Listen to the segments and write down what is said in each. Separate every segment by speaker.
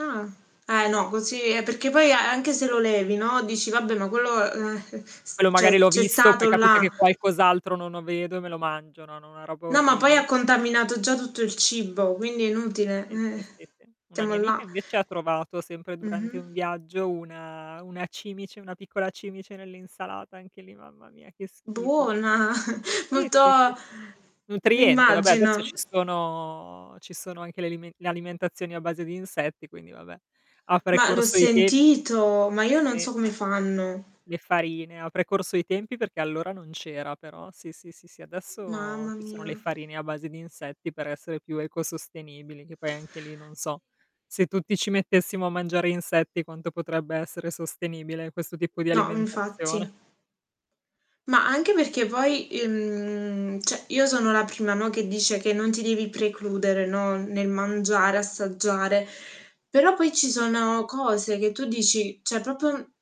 Speaker 1: Ah. Ah, eh, no. Così eh perché poi a anche se lo levi, no, dici: "Vabbè ma quello eh, eh, eh, s
Speaker 2: Quello magari
Speaker 1: c'è
Speaker 2: l'ho
Speaker 1: c'è
Speaker 2: visto, poi
Speaker 1: stato
Speaker 2: capita
Speaker 1: là."
Speaker 2: che qualcos'altro non lo vedo e me lo mangio, no, no, una roba
Speaker 1: No ma poi
Speaker 2: orribile.
Speaker 1: ha contaminato già tutto il cibo, quindi è
Speaker 2: Sì,
Speaker 1: inutile.
Speaker 2: sì, sì,
Speaker 1: Eh
Speaker 2: sì, sì. Una
Speaker 1: siamo
Speaker 2: mia amica
Speaker 1: là.
Speaker 2: invece ha trovato, sempre durante un
Speaker 1: Mh-mh.
Speaker 2: viaggio, una una cimice, una piccola cimice nell'insalata. Anche lì, mamma mia che schifo.
Speaker 1: Buona!
Speaker 2: Sì,
Speaker 1: molto
Speaker 2: sì, sì. Nutriente, vabbè adesso
Speaker 1: m'immagino.
Speaker 2: ci sono ci sono anche le alime le alimentazioni a base di insetti, quindi vabbè. Ha
Speaker 1: Ma l'ho
Speaker 2: precorso i tem
Speaker 1: sentito, ma io non
Speaker 2: Sì.
Speaker 1: so come fanno.
Speaker 2: Le farine. Ha precorso i tempi perché allora non c'era, però sì sì sì, adesso
Speaker 1: Mamma
Speaker 2: ci sono le
Speaker 1: mia.
Speaker 2: farine a base di insetti per essere più ecosostenibili, che poi anche lì non so se tutti ci mettessimo a mangiare insetti quanto potrebbe essere sostenibile questo tipo di
Speaker 1: No
Speaker 2: alimentazione.
Speaker 1: infatti. Ma anche perché poi, i mhmm, cioè io sono la prima, no, che dice che non ti devi precludere, no, n nel mangiare, assaggiare. Però poi ci sono cose che tu dici cioè proprio n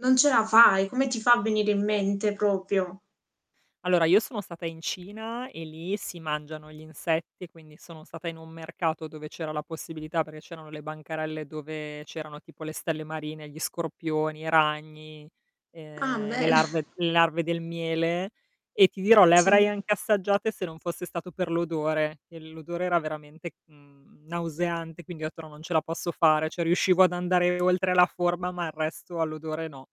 Speaker 1: non ce la fai, come ti fa a venire in mente proprio?
Speaker 2: Allora, io sono stata in Cina e lì si mangiano gli insetti, quindi sono stata in un mercato dove c'era la possibilità perché c'erano le bancarelle dove c'erano tipo le stelle marine, gli scorpioni, i ragni,
Speaker 1: Ah
Speaker 2: ehm, le
Speaker 1: bene.
Speaker 2: larve le larve del miele. E ti dirò le avrei
Speaker 1: Sì.
Speaker 2: anche assaggiate se non fosse stato per l'odore, che l'odore era veramente, mhmm, nauseante quindi ho detto: "No non ce la posso fare", cioè riuscivo ad andare oltre la forma, ma il resto all'odore no.